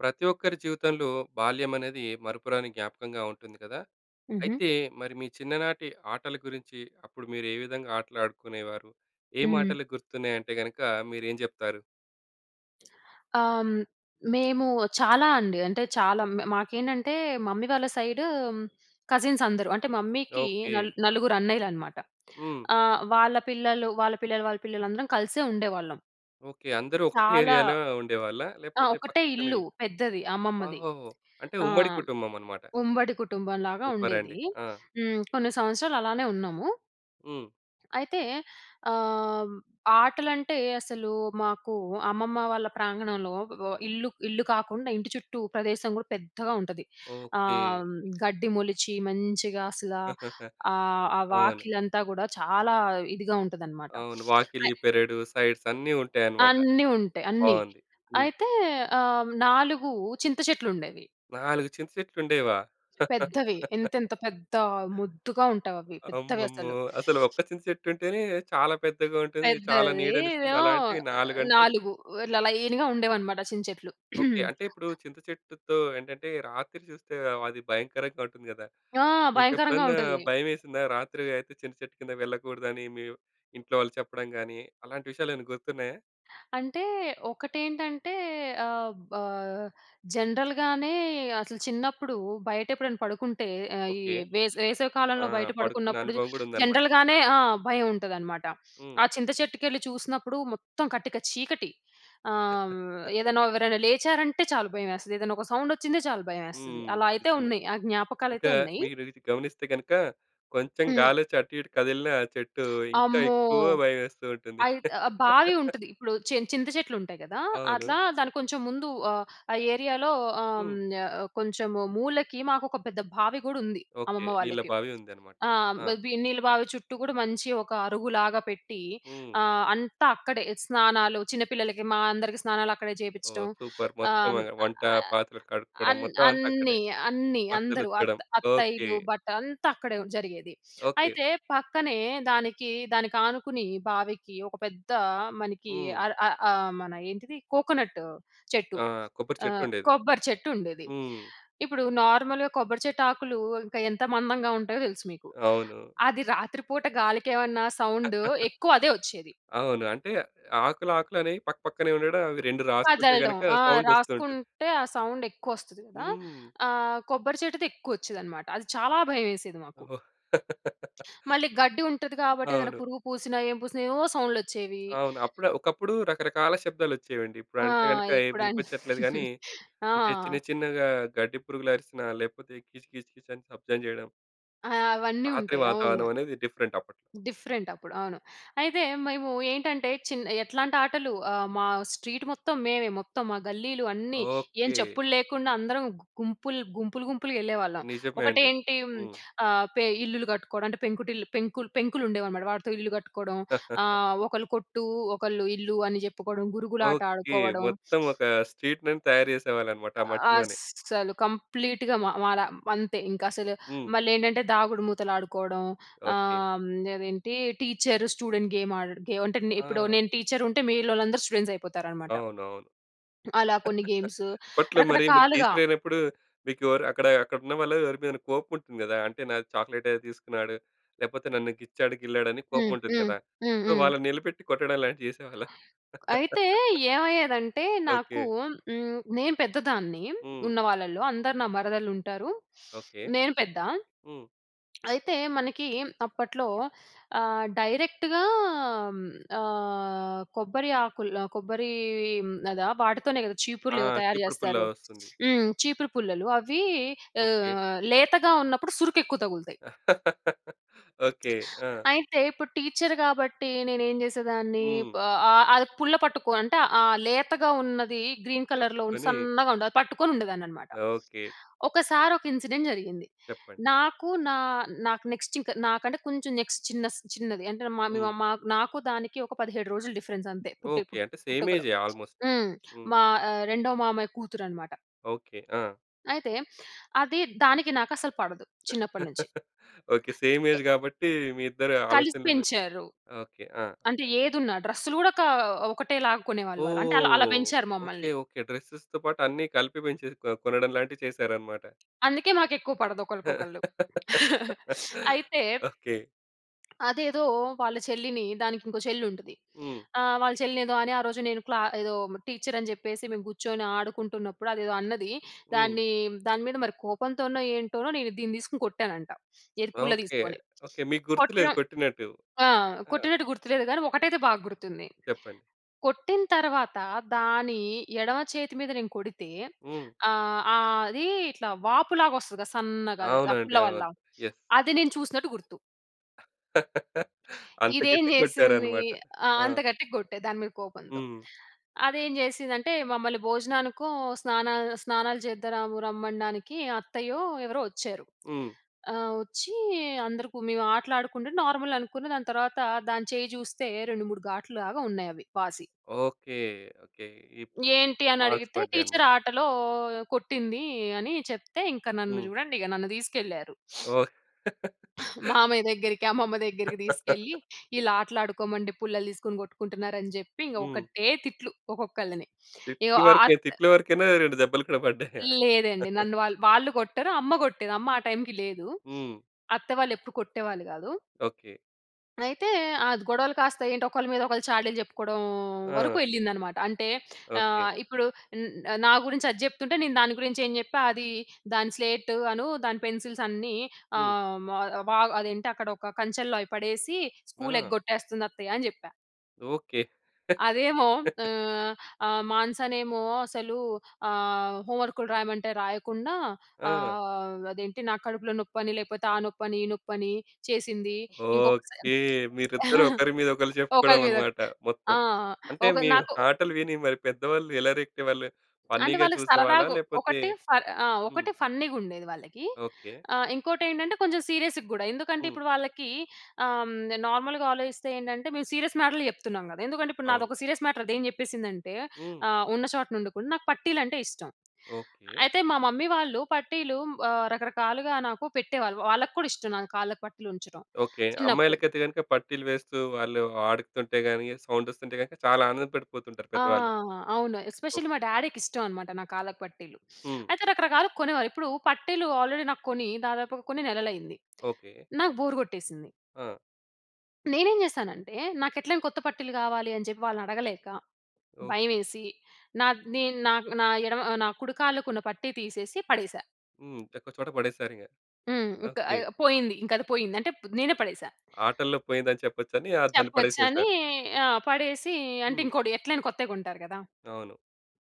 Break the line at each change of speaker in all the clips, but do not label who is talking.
ప్రతి ఒక్కరి జీవితంలో, బాల్యం అనేది మరుపురాని జ్ఞాపకంగా ఉంటుంది కదా!
ఉహూ!
అయితే, మరి మీ చిన్ననాటి ఆటల గురించి, అప్పుడు మీరు ఏ విధంగా ఆటలు ఆడుకునేవారు? ఏం
హ్మ్.
మాటలు గుర్తున్నాయి అంటే గనక మీరు ఏం జెప్తారు?
ఆహ్, హ్మ్, మేము చాలా అండి. అంటే, చాలా మ మాకేంటంటే మమ్మీ వాళ్ళ సైడు కజిన్స్ అందరూ. అంటే మమ్మీ‌కి
ఓకే.
నల్ నలుగురు అన్నయ్యలునమాట.
హ్మ్.
ఆహ్, వాళ్ళ పిల్లలు, వాళ్ళ పిల్లలు, వాళ్ళ పిల్లలు అందరం కలిసే ఉండేవాళ్ళం.
ఓకే. అందరూ ఒకటే
చాలా.
ఏరియా‌‌లో ఉండేవాళ్ళా?
ఆ!
లేకపోతే
ఒకటే
పక్కపక్కన
ఇల్లు
ఇల్లు.
పెద్దది, అమ్మమ్మది.
ఓహోహో! అంటే
ఆ!
ఉమ్మడి కుటుంబమనమాట.
ఉమ్మడి కుటుంబంలాగా
సూపర్ అండి.
ఉండేది.
ఆ!
హ్మ్, కొన్ని సంవత్సరాలు అలానే ఉన్నాము.
హ్మ్.
అయితే, ఆహ్, ఆటలంటే అసలు మాకు అమ్మమ్మ వాళ్ళ ప్రాంగణంలో వ ఇల్లు ఇల్లు కాకుండా ఇంటి చుట్టూ ప్రదేశం కూడా పెద్దగా ఉంటది.
ఓకే.
ఆహ్, గడ్డి మొలిచి మంచిగా అసల ఆహ్, ఆ
అవును.
వాకిలంతా గూడా చాలా ఇదిగా ఉంటాదనమాట.
అవును. వాకిలి,
అయ్
పెరడు సైడ్స్ అన్నీ ఉంటాయనమాట.
అన్నీ ఉంటాయి, అన్నీ.
బావుంది. హ్మ్.
అయితే ఆహ్, 4 చింత చెట్లు ఉండేవి.
4 చింతచెట్లు ఉండేవా?
పెద్దవి ఇంతెంత పెద్ద, మోద్దుగా ఉంటావి అవి. పెద్దవి
అమ్మమ్మో!
అసలు.
అసలు ఒక్క చింత చెట్టు ఉంటేనే చాలా పెద్దగా ఉంటుంది. చాలా
పెద్దది.
నీడనిస్తుంది.
ఇదేమో
అలాంటివి నాలుగంటే?
4, ఇలా లైన్‌గా ఉండేవనమాట చింత చెట్లు.
ఓకే. అంటే ఇప్పుడు చింతచెట్టుతో ఏంటంటే, రాత్రి చూస్తే అది భయంకరంగా ఉంటుంది గదా!
ఆ! భయంకరంగా
మీకెప్పుడన్నా
ఉంటాది.
భయమేసిందా? రాత్రి అయితే చింతచెట్టు కింద వెళ్ళగూడదని మీవ్ ఇంట్లో వాళ్ళు చెప్పడం గాని, అలాంటి విషయాలు ఏమైనా గుర్తున్నాయా?
అంటే ఒకటేంటంటే, ఆహ్, ఆహ్, జనరల్‍గానే అసలు చిన్నప్పుడు బయట ఎప్పుడైనా పడుకుంటే, ఈ
ఓకే.
వేస వేసవికాలంలో
ఆహ్,
బయట
పడుకునే
పడుకున్నప్పుడు
అనుభవం గూడా ఉందన్నమాట.
జనరల్‌గానే ఆ! భయం ఉంటదనమాట.
హ్మ్.
ఆ చింత చెట్టుకెళ్ళి చూసినప్పుడు మొత్తం కటిక చీకటి. ఆహ్, ఏదైనా ఎవరైనా లేచారంటే చాలు భయం వేస్తది. ఏదైనా ఒక సౌండ్ వచ్చిందే చాలు భయమేస్తది.
హ్మ్.
అలా అయితే
నిజమే.
ఉన్నాయి, ఆ జ్ఞాపకాలు అయితే
ఇంకా,
ఉన్నయి.
మీరు ఇది గమనిస్తే గనుక, కొంచెం
హ్మ్.
గాలి వచ్చి అటు ఇటు కదిలిన చెట్టు, ఇంకా
అమ్మో!
ఎక్కువ భయమేస్తూ ఉంటుంది.
అయిత్ ఆహ్, బావి ఉంటది. ఇప్పుడు చిన్ చింత చెట్లు ఉంటాయి గదా!
అవును.
అట్లా దాన్ని కొంచెం ముందు ఆహ్, ఆ ఏరియాలో ఆహ్,
హ్మ్.
హ్మ్, కొంచెం మూలకి మాకు ఒక పెద్ద బావి గూడా ఉంది,
ఓకే.
అమ్మమ్మ
నీళ్ళ
వాళ్ళకి.
బావి ఉందన్నమాట.
ఆ!
ఆ!
వి నీళ్ళ బావి చుట్టూ గూడా మంచి ఒక అరుగులాగా పెట్టి,
హ్మ్.
ఆహ్, అంతా అక్కడే స్నానాలు చిన్నపిల్లలకి, మా అందరికీ స్నానాలు అక్కడే
ఓహ్!
జేపించటం.
సూపర్ మొత్తం
ఆహ్,
అక్కడ, వంట, పాత్రలు కడుక్కోవడం,
అన్
మొత్తమంతా అక్కడే.
అన్ని, అన్ని
బట్టలు
అందరూ
ఉతకడం.
అత్త
ఓకే.
అత్తయ్యలు బట్ట అంతా అక్కడే జరిగేది.
ఓకే.
అయితే, పక్కనే దానికి, దానికి ఆనుకుని బావికి ఒక పెద్ద మనకి
హ్మ్.
అర ఆహ్, ఆహ్, మన ఏంటిది కోకోనట్ చెట్టు.
ఆ! కొబ్బరి చెట్టు
ఆహ్,
ఉండేది.
కొబ్బరి చెట్టు ఉండేది.
హ్మ్.
ఇప్పుడు నార్మల్‍గా, కొబ్బరి చెట్టు ఆకులు ఇంకా, ఎంత మందంగా ఉంటాయో తెలుసు మీకు.
అవును.
అది రాత్రిపూట గాలికి ఏమన్నా సౌండ్ ఎక్కువ అదే వచ్చేది.
అవును. అంటే ఆకులు, ఆకులనేయి పక్కపక్కనే ఉండడం. అవి 2 రాసుకుంటే
వదలడం.
గనక
ఆ!
సౌండోస్తుంటుంది.
రాసుకుంటే, ఆ సౌండ్ ఎక్కువ వస్తది గదా!
హ్మ్.
ఆహ్, కొబ్బరి చెట్టుది ఎక్కువ వచ్చేదనమాట. అది చాలా భయమేసేది మాకు.
ఓహో!
మళ్ళి గడ్డి ఉంటది. గాబట్టి ఏదైనా
అవును.
పురుగు పూసిన, ఏం పూసిన, ఏవోవో సౌండ్‌లు వచ్చేవి.
అవును. అప్పుడు, ఒకప్పుడు రకరకాల శబ్దాలు వచ్చేవండి. ఇప్పుడు
ఆ!
అంటే గనుక, ఏం
ఇప్పుడు అన్ని.
వినిపిచ్చట్లేదు గాని,
ఆ!
అంటే చిన్న చిన్నగా గడ్డి పురుగులు అరిసినా లేకపోతే కీచు, కీచు, కీచు అని శబ్దం జేయడం.
ఆ! అవన్నీ
రాత్రి
ఉంటాయి. అవును.
వాతావరణం అనేది, డిఫరెంట్ అప్పట్
డిఫరెంట్ అప్పుడు అవును. అయితే మేము ఏంటంటే, చిన్న ఎట్లాంటి ఆటలు ఆహ్, మా స్ట్రీట్ మొత్తం మేమే, మొత్తం ఆ గల్లీలు అన్నీ, ఏం
ఓకె
చెప్పులు లేకుండా అందరం గుంపులు గుంపులు, గుంపులుగా వెళ్ళేవాళ్ళం.
నిజమే అండి.
ఒకటేంటి
హ్మ్.
ఆహ్, పె ఇల్లులు కట్టుకోవడం అంటే పెంకుటిల్లు పెంకులు పెంకులు ఉండేవన్నమాట, వాటితో ఇల్లు కట్టుకోవడం. ఆహ్, ఒకళ్ళు కొట్టు, ఒకళ్ళు ఇల్లు అని చెప్పుకోవడం, గురుగులాట
ఓకె.
ఆడుకోవడం.
మొత్తం ఒక స్ట్రీట్‌ నేమ్ తయారు చేసేవాళ్ళన్నమాట. ఆ మట్టిలోనే.
అసలు కంప్లీట్‌గా మా మాల అంతే ఇంక అసలు,
హ్మ్.
మళ్ళీ ఏంటంటే దాగుడుమూతలు ఆడుకోవడం.
ఓకె.
ఆహ్, హ్మ్, అదేంటి టీచర్ స్టూడెంట్ గేమ్ ఆడడ గే అంటే, ఇప్పుడు
ఆ!
నేను టీచర్ ఉంటే మీలోలందరూ స్టూడెంట్స్ అయిపోతారనమాట.
అవునవును.
అలా కొన్ని గేమ్స్
అప్పట్లో మరి మీరు
రకరకాలుగా.
టీచరైనప్పుడు, మీకు ఎవరు అక్కడ-అక్కడ ఉన్న వాళ్ళ ఎవరి మీద కోపం ఉంటుంది కదా! అంటే నాకు చాక్లేట్ ఏదో తీసుకున్నాడు, లేకపోతే నన్ను గిచ్చాడు, గిల్లాడు అని కోపం
హ్మ్.
ఉంటుంది
హ్మ్.
కదా!
హ్మ్, హ్మ్.
వాళ్ళని నిలబెట్టి కొట్టడం లాంటివి చేసేవాళ్ళా?
అయితే ఏమయ్యేదంటే, నాకు
ఓకె.
హ్మ్, నేను పెద్దదాన్ని,
హ్మ్.
ఉన్నవాళ్ళలో అందరూ నా మరదలు ఉంటారు.
ఓకె.
నేను పెద్ద
హ్మ్.
అయితే మనకి అప్పట్లో ఆహ్, డైరెక్ట్‌గా ఆహ్, కోబ్బరి ఆకులు కొబ్బరి ఇవి హ్మ్, అద వాటితోనే కదా!
ఆ!
చీపుర్లు, ఏవో తయారు
చీపురు పుల్ల
చేస్తారు.
వస్తుంది.
హ్మ్, చీపురు పుల్లలు అవి
ఓకె.
ఆహ్, లేతగా ఉన్నప్పుడు సురుకు ఎక్కువ తగులుతాయి.
ఓకె. ఆ!
అయితే, ఇప్పుడు టీచర్ కాబట్టి నేనేం చేసేదాన్ని,
హ్మ్.
ఆహ్, ఆహ్, అది ఆ పుల్ల పట్టుకో అంటే ఆ లేతగా ఉన్నది గ్రీన్ కలర్‌లో
పట్టుకొని.
సన్నగా ఉండేది. అది పట్టుకొని ఉండేదాన్ని అన్నమాట.
ఓకె.
ఒకసారి ఒక ఇన్సిడెంట్ జరిగింది.
చెప్పండి.
నాకు నా నాకు నెక్స్ట్ ఇంక నాకంటే కొంచెం నెక్స్ట్ చిన్నస్ చిన్నది అంటే మా
హ్మ్.
మా నాకు దానికి ఒక 17 రోజులు డిఫరెన్స్ అంతే పుట్టే
ఓకె. అంటే సేమ్
పుట్టుకలో,
ఏజే ఆల్‌మోస్ట్.
హ్మ్. మా ఆహ్, రెండో మామయ్య కూతురు అన్నమాట.
ఓకె. ఆ!
అయితే, అది దానికి నాకు అసలు పడదు. చిన్నప్పటి నుంచి.
ఓకె. సేమ్ ఏజ్ కాబట్టి మీ ఇద్దరి
కలిసి
ఆలోచనలు వే
పెంచారు.
ఓకె. ఆ!
అంటే ఏదున్నా, డ్రెస్‌లు కూడా కా ఒకటే లాగా కొనేవాళ్ళు వాళ్ళు. అంటే అలా అలా
ఓహ్!
పెంచారు
ఓకె.
మమ్మల్ని.
ఓకె. డ్రెసస్స్‌తో పాటు అన్ని కలిపి పెంచేసి కొ కొనడం లాంటివి చేశారన్నమాట.
అందుకే మాకు ఎక్కువ పడదు ఒకళ్ళకొకళ్ళు. అయితే
ఓకె.
అదేదో వాళ్ళ చెల్లిని, దానికి ఇంకో చెల్లి ఉంటది.
హ్మ్.
ఆహ్, వాళ్ళ చెల్లిని ఏదో అని, ఆ రోజు నేను క్లా ఏదో టీచర్ అని చెప్పేసి, మేము కూర్చొని ఆడుకుంటున్నప్పుడు అదేదో అన్నది.
హ్మ్.
దాన్ని దాని మీద మరి కోపంతోనో, ఏంటోనో నేను దీన్ని తీసుకొని కొట్టానంట. ఏది పుల్ల
ఓకె.
తీసుకొని.
ఓకె. మీకు గుర్తులేదు
కొట్టడం
కొట్టినట్టు.
ఆ!
ఆ!
కొట్టినట్టు గుర్తులేదు. కానీ ఒకటైతే బాగా గుర్తుంది.
చెప్పండి.
కొట్టిన తర్వాత, దాని ఎడమ చేతి మీద నేను కొడితే,
హ్మ్.
ఆహ్ ఆహ్, అది ఇట్లా వాపు లాగా వస్తది కదా! సన్నగా అది ఆ
అవునండి,
పుల్ల
అవును.
వల్ల.
యస్
అది నేను చూసినట్టు గుర్తు.
అంత
ఇదేం
గట్టిగా
చేసింది.
కొట్టారన్నమాట.
ఆ!
ఆ!
అంత గట్టిగా కొట్టా, దాని మీద కోపంతో.
హ్మ్.
అదేం చేసిందంటే, మమ్మల్ని భోజనానికో, స్నాన స్నానాలు చేద్దా రము రమ్మనడానికి అత్తయ్యో, ఎవరో వచ్చారు.
హ్మ్.
ఆహ్, వచ్చి అందరికి, మేము ఆటలు ఆడుకుంటే, నార్మల్ అనుకున్న దాని తర్వాత, దాని చేయ్యి చూస్తే 2, 3 గాట్లు‌లాగా ఉన్నాయి అవి. వాసి.
ఓకె. ఓకె, ఇప్
ఏంటి? అని
మార్క్స్
అడిగితే
పడ్డాయి అన్నమాట.
టీచర్ ఆటలో కొట్టింది అని చెప్తే, ఇంక నన్ను
హ్మ్.
చూడండి. ఇక నన్ను తీసుకెళ్లారు.
ఓహ్!
మామయ్య దగ్గరికి, అమ్మమ్మ దగ్గరికి తీసుకెళ్ళి, "వీళ్ళు ఆటలు ఆడుకోమంటే పుల్లలు తీసుకొని కొట్టుకుంటున్నారు" అని చెప్పి ఇంక
హ్మ్.
ఒకటే తిట్లు ఒక్కొక్కళ్ళని. ఇగో
తిట్లు
ఆ ఆ
వరకే, తిట్ల వరకే‌నా? 2 దెబ్బలు కూడా పడ్డాయా?
లేదండి. నన్ను వాళ్ళు వాళ్ళు కొట్టారు. అమ్మ కొట్టేది. అమ్మ ఆ టైమ్‌కి లేదు.
హ్మ్.
అత్తవాళ్ళు ఎప్పుడు కొట్టేవాళ్ళు కాదు.
ఓకె.
అయితే ఆద్ గొడవలు కాస్త ఏంటి ఒకళ్ళ మీద ఒకళ్ళు చాడీలు చెప్పుకోవడం వరుకు
ఆ!
ఎళ్ళింది అనమాట. అంటే
ఓకె.
ఆహ్, ఇప్పుడు న్ నా గురించి అది జెప్తుంటే నేను దాని గురించి ఏం చెప్పా, అదీ దాని స్లేట్ అను, దాని పెన్సిల్స్ అన్నీ,
హ్మ్.
ఆహ్, మ వ అదేంటి అక్కడ ఒక కంచెల్లో అయి పడేసీ, స్కూల్
ఆ!
ఎగ్గొట్టేస్తంది అత్తయ్య అని జెప్పా.
ఓకె.
అదేమో ఆహ్, ఆ! మానసానేమో అసలూ ఆహ్, హోమ్ వర్కులు రాయమంటే రాయకుండా,
ఆ!
ఆహ్, అదేంటి నాకు కడుపులో నొప్పని, లేపోతే ఆ నొప్పని ఈ నొప్పిని చేసిందీ. ఇంకొకసారి
ఓకె. మీరిద్దరూ ఒకరి మీద ఒకళ్ళు చెప్పుకోవడం అనమాట
[unintelligible] ఆ!
మొత్తం. అంటే
ఒక
మీ
నాకు
ఆటలు విని మరి పెద్దవాళ్ళు ఎలా రియాక్ట్ అయ్యేవాళ్ళు?
అంటే
ఫన్నీగా
వాళ్ళకి
చూసేవాళ్ళా?
సరదాగా,
లేకపోతే
ఒకటి ఫర్ ఆ!
హ్మ్.
ఒకటి ఫన్నీగుండేది వాళ్ళకి,
ఓకె.
ఆ! ఇంకోటి ఏంటంటే కొంచెం సీరియస్‌ గూడా, ఎందుకంటే
హ్మ్.
ఇప్పుడు వాళ్ళకీ ఆహ్, నార్మల్‌గా ఆలోచిస్తే ఏంటంటే, మేము సీరియస్ మ్యాటర్‌‌లే చెప్తున్నాం గదా! ఎందుకంటే ఇప్పుడు
అవును.
నాదొక సీరియస్ మ్యాటర్ అది ఏం చెప్పేసిందంటే,
హ్మ్.
ఆహ్, ఉన్న చోటనుండకుండ నాకు పట్టీలు అంటే ఇష్టం,
ఓకె.
అయితే మా మమ్మీ వాళ్ళు పట్టీలు ఆహ్, రకరకాలుగా నాకు పెట్టేవాళ్ళు. వాళ్ళకు కూడా ఇష్టం నాకు కాళ్ళకి పట్టీలు ఉంచటం,
ఓకె.
చిన్నప్పుడు.
అమ్మాయిలకైతే గనక పట్టీలు వేస్తూ వాళ్ళు ఆడుతుంటే గానీ సౌండొస్తుంటే గనక చాలా ఆనందపడిపోతుంటారు
ఆ!
పెద్దవాళ్ళు.
అవును ఎస్పెషల్లీ మా
ఓకె.
డాడీకి ఇష్టం అనమాట నా కాళ్ళకి పట్టీలు.
హ్మ్.
అయితే రకరకాలుగా కొనేవారు. ఇప్పుడు పట్టీలు ఆల్రెడీ నాకు కొని దాదాపుగ కొన్ని నెలలయింది.
ఓకె.
నాకు బోర్ గొట్టేసింది.
ఆ!
నేనేం జేశానంటే, నాకు ఎట్లైనా కొత్త పట్టీలు కావాలి, అని చెప్పి వాళ్ళని అడగలేక,
ఓకె.
భయమేసి, నా నె నా నా ఎడమ ఆహ్, నా కుడుకాళ్ళకున్న పట్టి తీసేసి, పడేసా.
హ్మ్. ఒక్క చోట పడేసారిగ.
హ్మ్. ఇంకా
ఓకె.
ఆహ్, పోయింది. ఇంక అది పోయింది. అంటే ప్ నేనే పడేసా.
ఆటల్లో పోయిందని చెప్పొచ్చని, ఆహ్, దాన్ని పడేసేసారు.
చెప్పొచ్చని ఆ! పడేసి అంటే,
హ్మ్.
ఇంకోటి ఎట్లైనా కొత్తయి కొంటారు కదా!
అవును.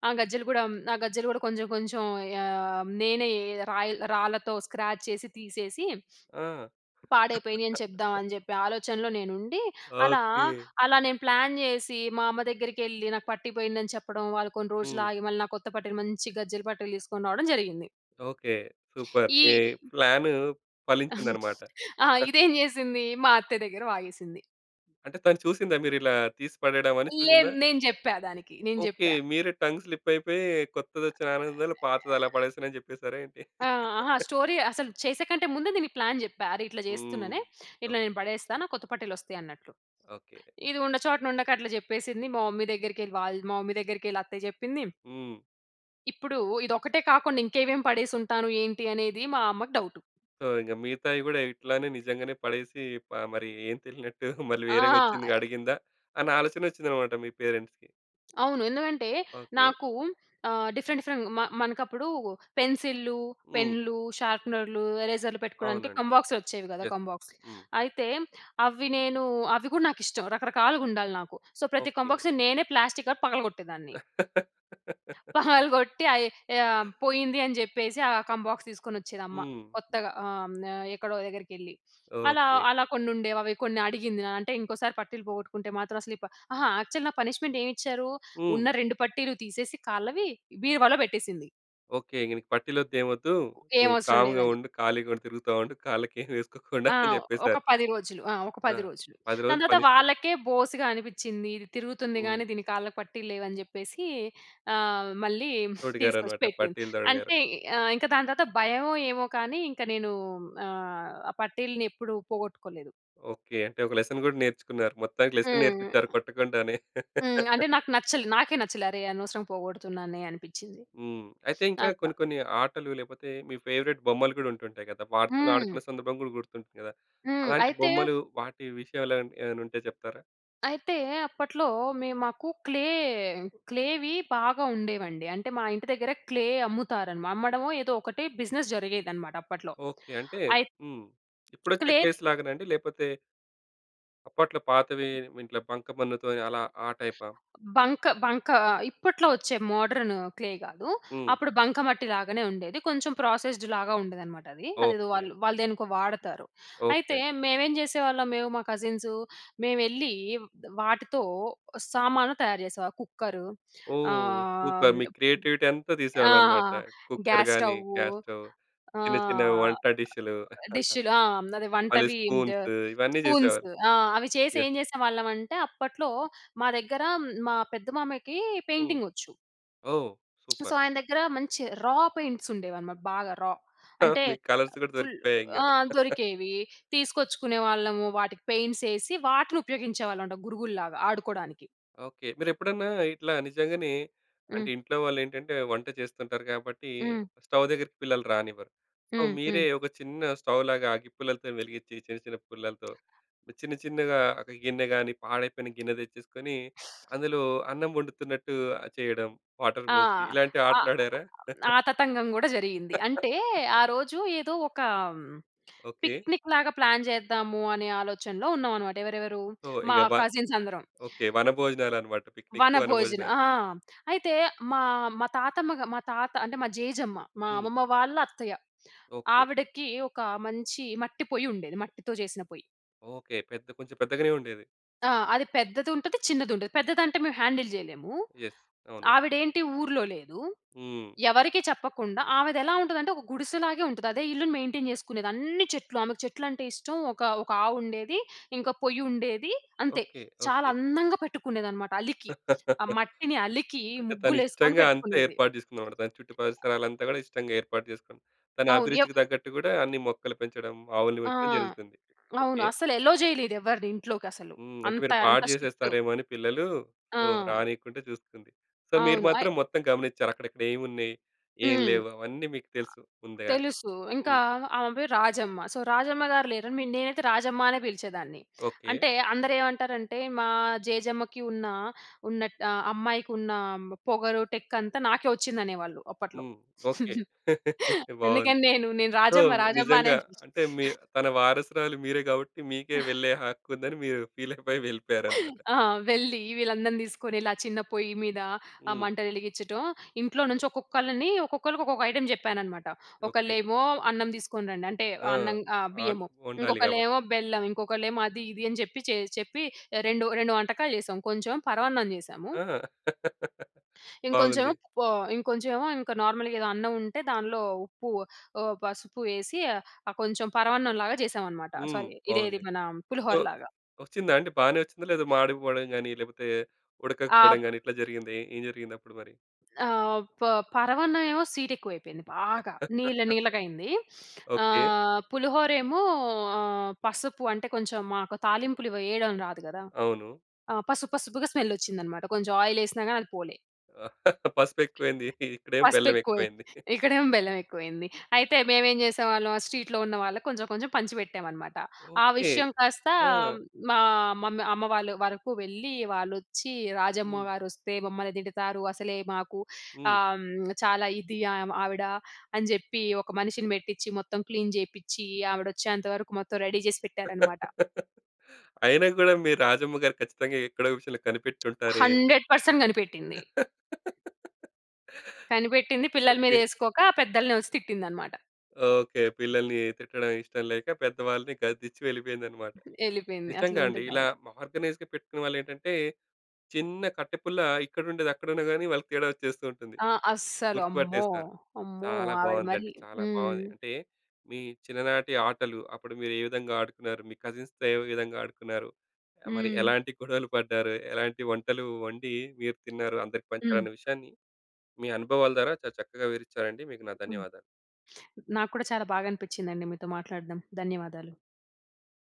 ఆ! గజ్జలు కూడా హ్మ్, ఆ గజ్జలు కూడా కొంచెం, కొంచెం ఆహ్, నేనే రాయిల్ రాళ్ళతో స్క్రాచ్ చేసి, తీసేసి
ఆ!
పాడైపోయినాయి అని చెప్దాం, అని జెప్పి, ఆలోచనలో నేను ఉండి, అలా,
ఓకె.
అలా నేను ప్లాన్ చేసి, మా అమ్మ దగ్గరికి ఎళ్ళి, నాకు పట్టి పోయిందని చెప్పడం, వాళ్ళు కొన్ని రోజులు
హ్మ్.
ఆగి మళ్ళీ నా కొత్త పట్టిలు, మంచి గజ్జల పట్టిలు తీసుకొని రావడం జరిగింది.
ఓకె. సూపర్ మీ
ఈ
ప్లాను ఫలించిందనమాట.
ఆ! ఇదేం చేసింది, మా అత్తయ్య దగ్గర వాగేసింది.
అంటే తను చూసిందా, మీరు ఇలా తీసి పడేయడం అని చూసిందా?
లేదు. నేను చెప్పా దానికి, నేను
ఓకె.
చెప్పా.
మీరే టంగ్ స్లిప్ అయిపోయి, కొత్తది వచ్చిన ఆనందంలో పాతది అలా పడేసాను అని చెప్పేసారా ఏంటి?
ఆ! అహ! స్టోరీ అసలు, చేసేకంటే ముందు దీనికి ప్లాన్ జెప్పా. "అరె! ఇట్లా
హ్మ్.
చేస్తున్ననే,
ఓకె.
ఇట్లా నేను పడేస్తా. నాకు కొత్త పట్టీలు వస్తాయన్నట్లు"
ఓకె.
ఇది ఉన్న చోటన ఉండక అట్లా చెప్పేసింది. మా మమ్మీ దగ్గరికి ఎళ్లి, వాళ్ళ్ మా మమ్మీ దగ్గరికి ఎళ్లి అత్తయ్య చెప్పింది.
హ్మ్.
ఇప్పుడూ, ఇది ఒక్కటే కాకుండా ఇంకేమేం పడేసుంటాను, ఏంటి? అనేది మా అమ్మకు డౌటు.
సో, ఇంక మిగతావి కూడా ఇట్లానే నిజంగానే పడేసీ, ప మరీ ఏం తెలినట్టు మళ్ళీ వేరేగా వచ్చిందిగా
ఆ!
అడిగిందా? అన్నా ఆలోచన వచ్చిందన్నమాట మీ పేరెంట్స్‌కి.
అవును. ఎందుకంటే,
ఓకె.
నాకూ ఆహ్, డిఫరెంట్, డిఫరెంట్ మ మనకప్పుడూ పెన్సిల్లు,
హ్మ్.
పెన్‌లు, షార్పెనర్‌లు, ఎరేజర్‌లు పెట్టుకోవడానికి
అవునండి.
కంబాక్స్‌లు వచ్చేవి కదా!
యస్.
కంబాక్స్.
హ్మ్.
అయితే, అవి నేనూ అవి కూడా నాకిష్టం రకరకాలుగా ఉండాలి నాకు. సో, ప్రతి
ఓకె.
కంబాక్స్ నేనే ప్లాస్టిక్‌గా పగలగొట్టేదాన్ని. పగలగొట్టి అయి ఆహ్, పోయింది అని చెప్పేసి, ఆ కంబాక్స్ తీసుకొని వచ్చేది అమ్మ,
హ్మ్.
కొత్తగా ఆహ్, ఎక్కడో దగ్గరికెళ్లి. అలా
ఓకె.
అలా కొన్ని ఉండేవి. అవి కొన్ని అడిగింది. అంటే ఇంకోసారి పట్టీలు పోగొట్టుకుంటే మాత్రం అసలు ఈ ప అహా! యాక్చువల్ నా పనిష్మెంట్ ఏమిచ్చారూ
హ్మ్.
ఉన్న 2 పట్టీలు తీసేసి కాళ్ళవి బీరువాలో పెట్టేసింది.
ఓకె. ఇంక నీకు పట్టిలొద్దు, ఏమొద్దూ
ఏం
నువ్వు
అవసరం
కామ్‌గా
లేదని.
ఉండు. ఖాళీగా తిరుగుతా ఉండు. కాళ్ళకి ఏమి వేసుకోకుండా
ఆ!
అని
ఒక
చెప్పేసారు.
10 రోజులు. ఆ! ఒక
ఆ!
10 రోజులు.
10 రోజులు
దాని తర్వాత
పనిష్మెంట్.
వాళ్ళకే బోసిగా అనిపించింది. ఇది తిరుగుతుంది
హ్మ్.
కాని దీని కాళ్ళకి పట్టీలు లేవని చెప్పేసీ, ఆహ్, మళ్ళీ తీసుకొచ్చి
తొడిగారన్నమాట.
పెట్టింది.
పట్టీలు తొడిగారు.
అంటే ఆహ్, ఇంకా దాని తర్వాత భయమో ఏమో కానీ ఇంకా, నేనూ ఆహ్, ఆ పట్టీలని ఎప్పుడు పోగొట్టుకోలేదు.
ఓకె. అంటే, ఒక లెసన్ కూడా నేర్చుకున్నారు. మొత్తానికి లెసన్
హ్మ్.
నేర్పించారు, కొట్టకుండానే.
హ్మ్. అంటే నాకు నచ్చలే నాకే నచ్చలే అరె! అనవసరంగా పోగొడుతున్నానే అనిపించింది.
హ్మ్. అయితే ఇంకా,
అట్లా.
కొన్ని కొన్ని ఆటలు లేకపోతే మీ ఫేవరైట్ బొమ్మలు కూడా ఉంటుంటాయి కదా! వాటితోని
హ్మ్.
ఆడుకున్న సందర్భం కూడా గుర్తుంటుంది కదా!
హ్మ్.
అలాంటి
అయితే
బొమ్మలు వాటి విషయాలేమైనా ఏమైనా ఉంటే చెప్తారా?
అయితే అప్పట్లో మె మాకు క్లే క్లేవి బాగా ఉండేవండి. అంటే మా ఇంటి దగ్గర క్లే అమ్ముతారు అన్నమా అమ్మడమో ఏదో ఒకటే బిజినెస్ జరిగేది అనమాట. అప్పట్లో
ఓకె. అంటే
అయిత్
హ్మ్. ఇప్పుడొచ్చే
క్లే
క్లెస్ లాగానా అండి? లేకపోతే... అప్పట్లో పాతవి, ఇంట్లో బంకమన్నుతోని అలా ఆ టైపా?
బంక, బంక ఇప్పట్లో వచ్చే మోడర్న్ క్లే గాదు.
హ్మ్.
అప్పుడు బంకమట్టి లాగానే ఉండేది. కొంచెం ప్రాసెస్డ్‌లాగా ఉండేదనమాట అది. అదేదో
ఓకె.
వాళ్ళు, వాళ్ళు దేనికో వాడతారు.
ఓకె
అయితే
అండి.
మేమేం జేసేవాళ్ళం, మేము మా కజిన్సు, మేము ఎళ్ళి వాటితో సామాన్లు తయారు జేసేవా కుక్కరు
ఓహ్!
ఆహ్,
సూపర్ మీ
హ్మ్.
క్రియేటివిటీ అంత
ఆ!
తీసేవాళ్ళన్నమాట. కుక్కర్‌గాని,
గ్యాస్‌స్టవు
గ్యాస్‌స్టవ్ చిన్న, చిన్నవి
ఆహ్,
వంట డిష్‌లు.
డిష్‌లు. ఆ! అదే
మళ్ళీ
వంటవి ద
స్పూన్స్ ఇవన్నీ
స్పూన్స్.
జెసేవారు.
ఆ! అవి చేసి
య
ఏం జేసేవాళ్ళం అంటే, అప్పట్లో మా దగ్గర, మా పెద్ద మామయ్యకి
హ్మ్.
పెయింటింగ్ వచ్చు.
ఓహ్!
So
super.
ఆయన దగ్గర మంచి రా పెయింట్స్ ఉండేవన్నమాట. బాగా రా
హా!
అంటే,
మీకు కలర్స్ గూడా
ఫుల్
దొరికుతాయి ఇంగ.
ఆ! దొరికేవి తీసుకొచ్చుకునేవాళ్ళము, వాటికి పెయింట్స్ ఏసి వాటిని ఉపయోగించేవాళ్ళం మాట, గురుగుల్లాగా ఆడుకోవడానికి.
ఓకె. మీరు ఎప్పుడన్నా ఇట్లా నిజంగానే, అంటే
హ్మ్.
ఇంట్లో వాళ్ళు ఏంటంటే, వంట చేస్తుంటారు కాబట్టి.
హ్మ్.
స్టవ్ దగ్గరికి పిల్లలు రానివ్వరు. సో
హ్మ్. హ్మ్.
మీరే ఒక చిన్న స్టవ్‌లాగా అగిప్పులలతో వెలిగించి, చిన్న, చిన్న పుల్లలతో చిన్న, చిన్నగా ఒక గిన్నె గాని, పాడైపోయిన గిన్నె తెచ్చేసుకొని, అందులో అన్నం వండుతున్నట్టు చేయడం వాటర్
ఆ!
బోసి ఇలాంటి
అ
ఆటలు ఆడారా?
ఆ తతంగం గూడా జరిగింది. అంటే, ఆ రోజు ఏదో ఒక
ఓకె.
పిక్నిక్ లాగా ప్లాన్ చేద్దాము, అనే ఆలోచనలో ఉన్నాం అనమాట. ఎవరెవరు
సో ఇగ
మా
వ
కసిన్స్ అందరం.
ఓకె. వనభోజనాలు అనమాట. పిక్నికు
వన భోజనం
వనభోజనాలు.
ఆ! అయితే, మా మా తాతమ్మ గ మా తాత అంటే, మా జేజమ్మ. మా
హ్మ్.
అమ్మమ్మ వాళ్ళ, అత్తయ్య.
ఓకె.
ఆవిడకి ఒక మంచి మట్టి పొయ్యి ఉండేది. మట్టితో జేసిన పొయ్యి.
ఓకే. పెద్ద కొంచెం పెద్దగానే ఉండేది.
ఆ! అది పెద్దదుంటది. చిన్నది ఉంటది. పెద్దది అంటే మేము హ్యాండిల్ చేయలేము,
ఎస్. అవును.
ఆవిడ ఏంటి ఊర్లో లేదు,
హ్మ్.
ఎవరికీ చెప్పకుండా. ఆవిదెలా ఉంటుందంటే, ఒక గుడిసెలాగే ఉంటుంది. అదే ఇల్లుని మెయింటైన్ చేసుకునేది. అన్ని చెట్లు, ఆమెకు చెట్లంటే ఇష్టం. ఒక, ఒక ఆవు ఉండేది. ఇంకా పొయ్యి ఉండేది, అంతే.
ఓకే,
చాలా
ఓకే.
అందంగా పెట్టుకునేది అనమాట, అలికి. ఆ మట్టిని అలికి,
అంటే తను
ముగ్గులు వేసుకొని
ఇష్టంగా అంతే,
పెట్టుకునేది.
ఏర్పాటు చేసుకుందనమాట. తన చుట్టూ పరిసరాలంతా కూడా, ఇష్టంగా ఏర్పాటు చేసుకుంది. తన
అవును. యొ
అభిరుచికి తగ్గట్టు కూడా, అన్ని మొక్కలు పెంచడం, ఆవుల్ని
ఆ!
పెంచడం జరుగుతుంది.
అవును.
ఓకే.
అసలు అలౌ చేయలేదు ఎవరిని ఇంట్లోకి అసలు.
హ్మ్. అంటే
అంత
మీరు
అంత
పాడు
స్ట్రిక్ట్.
చేసేస్తారేమో అని పిల్లలు, సో,
ఆ!
రానీయకుంటే చూస్తుంది. సో, మీరు
అవును!
మాత్రం,
అయ్
మొత్తం గమనించారు. అక్కడక్కడ ఏమున్నాయి? ఏమి
హ్మ్.
లేవు? అవన్నీ మీకు తెలుసు. ముందుగానే.
తెలుసు. ఇంకా,
హ్మ్.
ఆమె పేరు రాజమ్మ. సో, రాజమ్మ గారు లేరని, నేనైతే రాజమ్మ అనే పిలిచేదాన్ని.
ఓ కే.
అంటే, అందరు ఏమంటారంటే, మా జేజమ్మకి ఉన్న, ఉన్నట్ అమ్మాయికి ఉన్న, పొగరు, టెక్ అంతా నాకే వచ్చింది అనేవాళ్ళు. అప్పట్లో.
హ్మ్. ఓకే! బాగుంది.
అందుకని నేను, నేను
సో,
రాజమ్మ రాజమ్మ అని.
నిజంగా, అంటే, మీ తన వారసురాలు మీరే కాబట్టి, మీకే వెళ్ళే హక్కు ఉందని మీరు ఫీల్ అయిపోయి వెళ్ళిపోయారు అన్నమాట.
ఆ! వెళ్లి వీళ్ళందరిని తీసుకొనిలా చిన్న పొయ్యి మీద, ఆ
హ్మ్.
మంటలు వెలిగించటం. ఇంట్లో నుంచి ఒక్కొక్కళ్ళని, ఒక్కొక్కళ్ళకి ఒక్కొక్క ఐటెమ్ చెప్పాననమాట.
ఓకే.
ఒకళ్ళేమో, అన్నం తీసుకొని రండి. అంటే,
ఆ!
అన్నం ఆహ్
ఆన్.
బియ్యము.
ఉండాలి కాబట్టి.
ఇంకొకళ్ళేమో బెల్లం, ఇంకొకళ్ళేమో అది ఇది అని చెప్పి, చేయి చెప్పి 2,2 వంటకాలు చేసాం. కొంచెం పరమాన్నం చేశాము.
ఆహ్
ఇంకొంచెం
బాగుంది.
పొ ఇంకొంచెం ఏమో ఇంక నార్మల్‌గా ఏదో అన్నం ఉంటే దానిలో, ఉప్పు, ఆహ్, పసుపు వేసి కొంచెం పరమాన్నం లాగా చేశామన్నమాట.
హ్మ్.
సారీ, ఇదేది
బావుంది.
మన
యో
పులిహోర లాగా.
వచ్చిందాండి? బాగానే వచ్చిందా? లేదా మాడిపోవడం గాని, లేపోతే, ఉడకకపోవడం
ఆహ్
గాని, ఇట్లా జరిగిందా? ఏం జరిగింది అప్పుడు మరి?
ఆహ్, ప పరవాన్నవెవో స్వీటేక్కువైపోయింది బాగా, నీళ్ళ నీళ్ళగా అయింది.
ఓకే.
ఆహ్, పులిహోర ఏమో, ఆహ్, పసుపు. అంటే కొంచెం, మాకు తాలింపులు వేయడం రాదు కదా!
అవును.
ఆహ్, పసుపు పసుపుగా స్మెల్ వచ్చిందన్నమాట. కొంచెం ఆయిల్ వేసినాగని అది పోలే.
పసుపు ఎక్కువైంది. ఇక్కడేమో,
పసుపు
బెల్లం ఎక్కువ
ఎక్కువై,
అయింది.
ఇక్కడేమో బెల్లం ఎక్కువ అయింది. అయితే మేమేం చేసేవాళ్ళం, ఆ స్ట్రీట్‌లో ఉన్న వాళ్ళకి కొంచెం కొంచెం పంచిపెట్టామనమాట. ఆ
ఓకే.
విషయం కాస్త, మా, మమ్మీ అమ్మ వాళ్ళ వరకు వెళ్లి, వాళ్లొచ్చి, రాజమ్మ
హ్మ్.
గారు వస్తే మమ్మల్ని తిడతారు. అసలే మాకు,
హ్మ్.
ఆహ్, చాలా ఇది ఆవిడ, అని చెప్పి, ఒక మనిషిని పెట్టిచ్చి మొత్తం క్లీన్ చేపిచ్చి, ఆవిడ వచ్చేంత వరకు మొత్తం రెడీ చేసి పెట్టారనమాట.
అయినా కూడా, మీ రాజమ్మ గారు ఖచ్చితంగా ఎక్కడో విషయంలో కనిపెట్టి ఉంటారే?
100% కనిపెట్టింది. కనిపెట్టింది. పిల్లల మీద
ఓకే.
వేసుకోక, పెద్దల్ని వచ్చి తిట్టింది అన్నమాట.
ఓకే. పిల్లల్ని, తిట్టడం ఇష్టం లేక, పెద్దవాళ్ళని గదిచ్చి వెళ్ళిపోయిందనమాట.
వెళ్ళిపోయింది.
నిజంగా అండి.
అట్లుంటది
ఇలా,
ఆవిడ.
ఆర్గనైజ్‌గా పెట్టుకున్న వాళ్ళు ఏంటంటే, చిన్న కట్టెపుల్ల, ఇక్కడుండేది అక్కడున్నాగాని, వాళ్ళకి తేడా వచ్చేస్తూ ఉంటుంది.
ఆహ్ అస్సలు
గుర్తు
అమ్మో!
పట్టేస్తారు.
అమ్మో!
చాలా
ఆవిడ మరి.
బాగుందండి. చాలా
హ్మ్.
బాగుంది అంటే, మీ చిన్ననాటి ఆటలు, అప్పుడు మీరు ఏ విధంగా ఆడుకున్నారు? మీ కజిన్స్‌తో ఏ విధంగా ఆడుకున్నారు? మరి
హ్మ్.
ఎలాంటి గొడవలు పడ్డారు? ఎలాంటి వంటలు వండి, మీరు తిన్నారు. అందరికి
హ్మ్.
పంచాలన్న విషయాన్ని, మీ అనుభవాల ద్వారా, చాలా చక్కగా వివరిచ్చారండి, మీకు నా
హ్మ్.
ధన్యవాదాలు.
నాకు కూడా చాలా బాగా అనిపించింది అండి, మీతో మాట్లాడడం. ధన్యవాదాలు.